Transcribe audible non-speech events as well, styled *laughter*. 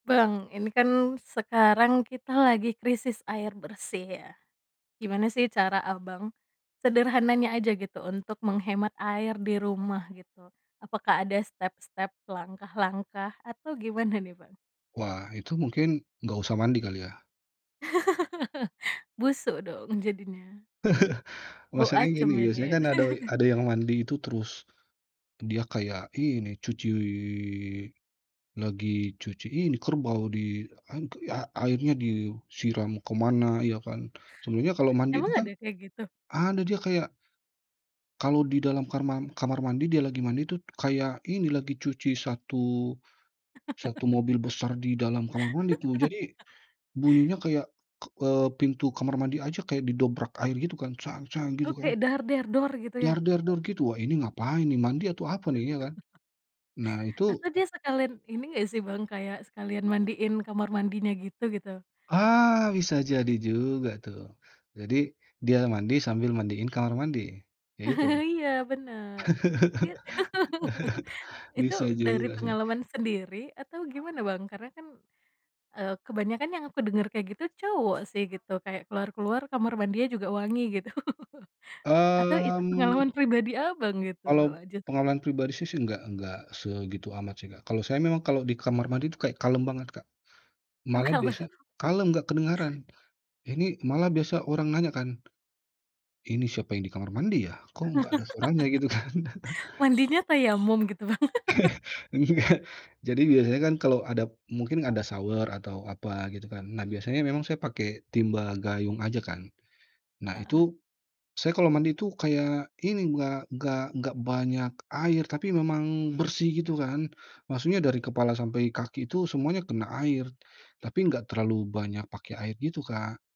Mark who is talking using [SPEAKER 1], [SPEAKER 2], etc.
[SPEAKER 1] Bang, ini kan sekarang kita lagi krisis air bersih ya? Gimana sih cara, Abang, sederhananya aja gitu untuk menghemat air di rumah gitu, apakah ada step-step, langkah-langkah atau gimana nih, Bang?
[SPEAKER 2] Wah, itu mungkin nggak usah mandi kali ya?
[SPEAKER 1] *laughs* Busuk dong, jadinya.
[SPEAKER 2] *laughs*
[SPEAKER 1] Bau
[SPEAKER 2] Masalahnya
[SPEAKER 1] asem
[SPEAKER 2] gini biasanya
[SPEAKER 1] jadinya.
[SPEAKER 2] kan ada
[SPEAKER 1] *laughs*
[SPEAKER 2] ada yang mandi itu terus, dia kayak ini cuci lagi cuci ini kerbau di an a airnya disiram kemana, ya kan. Sebenarnya kalau mandi itu
[SPEAKER 1] Emang
[SPEAKER 2] kan
[SPEAKER 1] ada kayak gitu?
[SPEAKER 2] ada dia kayak kalau di dalam karma kamar mandi dia lagi mandi itu, kayak ini lagi cuci 1 1 mobil besar di dalam kamar mandi tuh. Jadi
[SPEAKER 1] *laughs*
[SPEAKER 2] bunyinya kayak k eee, pintu kamar mandi aja kayak didobrak air gitu kan gitu
[SPEAKER 1] Oke,
[SPEAKER 2] kan.
[SPEAKER 1] gitu ya?
[SPEAKER 2] gitu, wah ini ngapain ini, mandi atau apa nih ya kan?
[SPEAKER 1] *laughs*
[SPEAKER 2] Nah itu
[SPEAKER 1] Atau dia sekalian ini nggak sih, Bang, kayak sekalian mandiin kamar mandinya gitu, gitu?
[SPEAKER 2] Ah, bisa jadi juga tuh. Jadi dia mandi sambil mandiin kamar mandi? Kayak gitu?
[SPEAKER 1] *laughs* Iya bener, tapi
[SPEAKER 2] *laughs*
[SPEAKER 1] *laughs* itu
[SPEAKER 2] Bisa
[SPEAKER 1] dari
[SPEAKER 2] juga sih.
[SPEAKER 1] pengalaman sendiri atau gimana, Bang? Karena kan, eee, kebanyakan yang aku denger kayak gitu cowok sih gitu kayak keluar-keluar, kamar mandinya juga wangi gitu. Atau itu pengalaman
[SPEAKER 2] Mmm.
[SPEAKER 1] pribadi, Abang, gitu
[SPEAKER 2] Kalau
[SPEAKER 1] malah justru?
[SPEAKER 2] pengalaman pribadi sih sih enggak nggak segitu amat sih, Kak. Kalau saya memang kalau di kamar mandi itu kayak kalem banget, Kak,
[SPEAKER 1] Oh,
[SPEAKER 2] malah
[SPEAKER 1] kalap.
[SPEAKER 2] biasa kalem nggak kedengeran. Ini malah biasa orang nanya kan, "ini siapa yang di kamar mandi ya? Kok nggak ada suaranya?" Gitu, kan.
[SPEAKER 1] *laughs*
[SPEAKER 2] *chuckles*
[SPEAKER 1] Mandinya tayamum gitu, Bang? *laughs*
[SPEAKER 2] *laughs* Enggak, jadi biasanya kan kalau ada mungkin ada shower atau apa gitu kan, nah biasanya memang saya pakai timba gayung aja kan. Nah,
[SPEAKER 1] Heeh.
[SPEAKER 2] itu saya kalau mandi itu kayak ini, nggak nggak nggak banyak air tapi memang bersih gitu kan. Maksudnya dari kepala sampai kaki itu semuanya kena air, tapi nggak terlalu banyak pakai air gitu, Kak.